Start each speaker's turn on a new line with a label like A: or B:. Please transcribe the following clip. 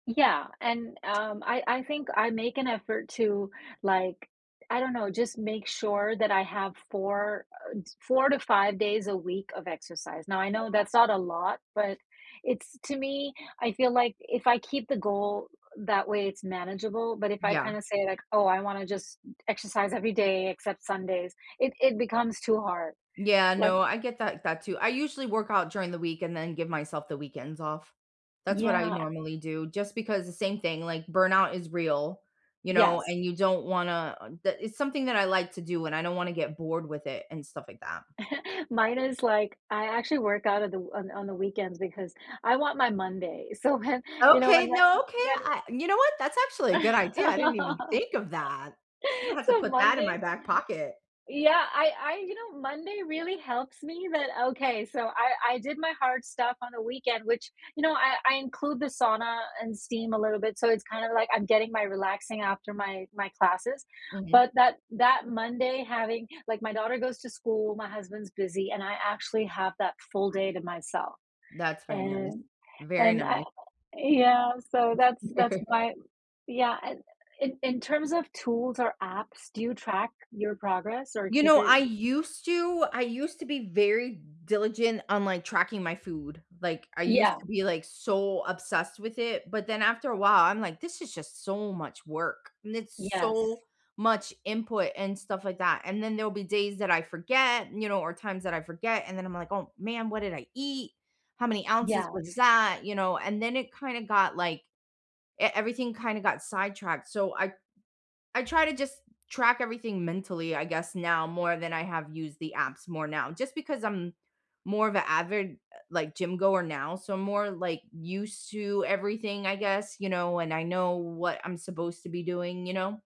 A: Yeah, and, um, I I think I make an effort to, like, I don't know, just make sure that I have 4, uh, 4-5 days a week of exercise, now I know that's not a lot, but it's to me, I feel, like, if I keep the goal that way, it's manageable, but if I
B: Yeah.
A: kinda say, like, "Oh, I wanna just exercise every day except Sundays," it it becomes too hard.
B: Yeah,
A: One
B: no, I get that that, too; I usually work out during the week and then give myself the weekends off. That's what I
A: Yeah, I
B: normally do just because the same thing, like, burnout is real, you know,
A: Yes.
B: and you don't wanna that it's something that I like to do, and I don't wanna get bored with it and stuff like that.
A: Mine is, like, I actually work out of the on on the weekends because I want my Monday, so when, you know, when
B: Okay,
A: when
B: no, okay,
A: when
B: I you know what? That's actually a good idea, I didn't even think of that. I'm gonna have to
A: So,
B: put that in my
A: Mondays mm,
B: back pocket.
A: yeah, I I you know, Monday really helps me that Okay, so I I did my hard stuff on the weekend, which, you know, I I include the sauna and steam a little bit so it's kinda, like, I'm getting my relaxing after my my classes,
B: Mhm.
A: but that that Monday having like, my daughter goes to school, my husband's busy and I actually have that full day to myself.
B: That's very nice,
A: And
B: very
A: and I
B: nice.
A: yeah, so that's that's why Yeah, in in in terms of tools or apps, do you track your progress or
B: You
A: keep
B: know,
A: your
B: I used to I used to be very diligent on, like, tracking my food, like, I used
A: Yeah.
B: to be, like, so obsessed with it, but then after a while, I'm like, "This is just so much work," and it's so
A: Yes.
B: much input and stuff like that, and then there'll be days that I forget, you know, or times that I forget and then I'm like, "Oh man, what did I eat? How many ounces was
A: Yes.
B: that?" You know, and then it kinda got, like e everything kinda got sidetracked, so I I try to just track everything mentally, I guess, now more than I have used the apps more now, just because I'm more of a avid, like, gym goer now, so I'm more, like, used to everything, I guess, you know, and I know what I'm supposed to be doing, you know?